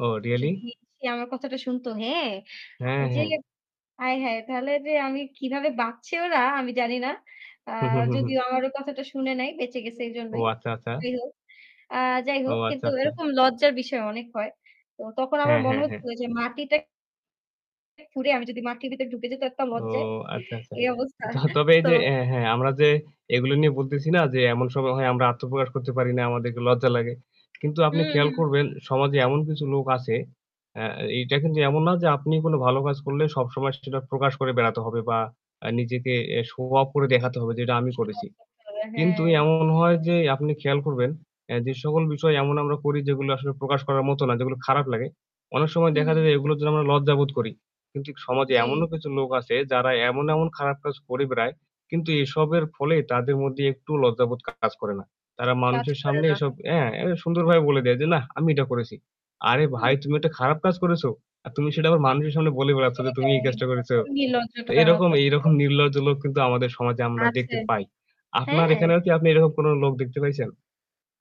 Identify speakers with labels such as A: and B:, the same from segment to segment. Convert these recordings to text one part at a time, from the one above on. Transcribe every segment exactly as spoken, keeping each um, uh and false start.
A: Oh really?
B: যদি সে আমার কথাটা শুনত, হ্যাঁ। আ
A: হ্যাঁ,
B: ঐযে
A: হ্যাঁ।
B: হায়, হায় তাহলে যে আমি কিভাবে বাঁচছে ওরা আমি জানি না। আ
A: হু, হু, হু, হু।
B: যদিও আমারও কথাটা শুনে নাই বেঁচে গেছে
A: ও
B: এইজন্যই,
A: আচ্ছা,
B: যাই
A: আচাচা।
B: হোক। আ যাই
A: ও
B: হোক
A: আচ্ছা,
B: কিন্তু
A: আচাচা।
B: এরকম লজ্জার বিষয় অনেক হয়। তো তখন আমার
A: হ্যাঁ,
B: মনে
A: হ্যাঁ, হ্যাঁ।
B: হচ্ছিল যে মাটিটা খুরে আমি যদি মাটির ভেতরে ঢুকে যাই তো একটা
A: ও
B: লজ্জায়
A: আচ্ছা, আচাচা
B: এই অবস্থা
A: ত তবে এই
B: তো
A: যে অ্যা হ্যাঁ আমরা যে এগুলো নিয়ে বলতেছি না যে এমন সময় হয় আমরা আত্মপ্রকাশ করতে পারি না আমাদেরকে লজ্জা লাগে। কিন্তু
B: হু,
A: আপনি খেয়াল
B: হু।
A: করবেন সমাজে এমন কিছু লোক আছে অ্যা এইটা কিন্তু এমন না যে আপনি কোন ভালো কাজ করলে সবসময় সেটা প্রকাশ করে বেড়াতে হবে বা আ নিজেকে এ শো অফ করে দেখাতে হবে যে এটা আমি
B: শো
A: করেছি।
B: অফ করতে হবে।
A: কিন্তু
B: হ্যাঁ।
A: এমন হয় যে আপনি খেয়াল করবেন এ যে সকল বিষয় এমন আমরা করি যেগুলো আসলে প্রকাশ করার মত না যেগুলো খারাপ লাগে অনেক সময় দেখা
B: হুম।
A: যায় এগুলোর জন্য আমরা লজ্জাবোধ করি। কিন্তু সমাজে
B: জি।
A: এমনও কিছু লোক আছে যারা এমন এমন খারাপ কাজ করে বেড়ায়। কিন্তু এসবের ফলে তাদের মধ্যে একটুও লজ্জাবোধ কাজ করে না। তারা
B: কাজ
A: মানুষের
B: করে
A: সামনে
B: না।
A: এসব অ্যা এ সুন্দরভাবে বলে দেয় যে, "নাহ আমি এটা করেছি।" আরে ভাই
B: হুম।
A: তুমি একটা খারাপ কাজ করেছো, আর তুমি সেটা আবার মানুষের সামনে বলে বেড়াচ্ছ যে, "তুমি
B: সেটাই
A: এই কাজটা করেছো?" তো
B: নির্লজ্জাটা
A: এরকম এইরকম
B: [unintelligible]
A: নির্লজ্জ লোক কিন্তু আমাদের সমাজে আমরা
B: আছে।
A: দেখতে পাই। আপনার
B: হ্যাঁ।
A: এখানেও কি আপনি এরকম কোন লোক দেখতে পাইছেন?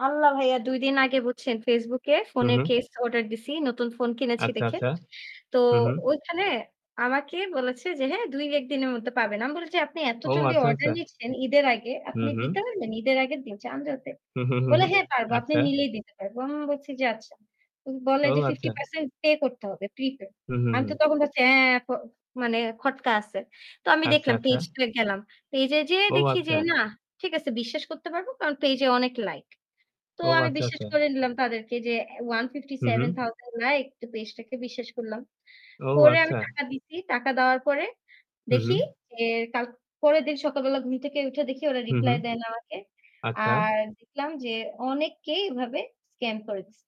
B: আল্লাহ ভাইয়া দুই দিন আগে বুঝছেন Facebook এ
A: হু,
B: ফোনের
A: হু।
B: কেস অর্ডার দিছি নতুন ফোন কিনেছি
A: আচ্ছা,
B: দেখে।
A: আচাচা।
B: তো
A: হু, হু।
B: ঐখানে আমাকে বলেছে যে "হ্যাঁ দুই-এক দিনের মধ্যে পাবেন।" আমি বলেছি "আপনি এত
A: ও
B: জলদি
A: আচ্ছা,
B: অর্ডার
A: আচাচা।
B: নিচ্ছেন ঈদের আগে
A: হু,
B: আপনি দিতে
A: হু।
B: পারবেন? ঈদের আগের দিন চাঁদ রাতে?"
A: হু, হু, হু,
B: বলে,
A: হু
B: "হ্যাঁ পারবো, আপনি
A: আচ্ছা।
B: নিলেই দিতে পারবো।" আমি বলছি যে আচ্ছা। উম বলে
A: ও
B: যে fifty
A: আচ্চা।
B: percent পে করতে হবে প্রিপেইড।
A: হু, হু,
B: আমি
A: হু।
B: তো তখন ভাবছি হ্যাঁ প মানে খটকা আছে। তো আমি
A: আচ্ছা,
B: দেখলাম
A: আচ্ছা।
B: পেজ two এ গেলাম। পেজে যেয়ে
A: ও
B: দেখি যে
A: আচ্চা।
B: না ঠিক আছে বিশ্বাস করতে পারবো কারণ পেইজে অনেক লাইক। তো
A: ও
B: আমি
A: আচ্ছা,
B: বিশ্বাস
A: আচাচা।
B: করে নিলাম তাদেরকে যে অ্যা one fifty
A: হু,
B: seven
A: হু।
B: thousand লাইক তো পেজটাকে বিশ্বাস করলাম।
A: ও
B: করে আমি
A: আচ্চা।
B: টাকা দিছি। টাকা দেওয়ার পরে
A: হু,
B: দেখি
A: হু।
B: যে কাল পরের দিন সকালবেলা ঘুম থেকে উঠে দেখি ওরা
A: হু, হু।
B: রিপ্লাই দেয় না আমাকে
A: আচ্চা।
B: আর দেখলাম যে অনেককেই এভাবে স্ক্যাম করে দিছে।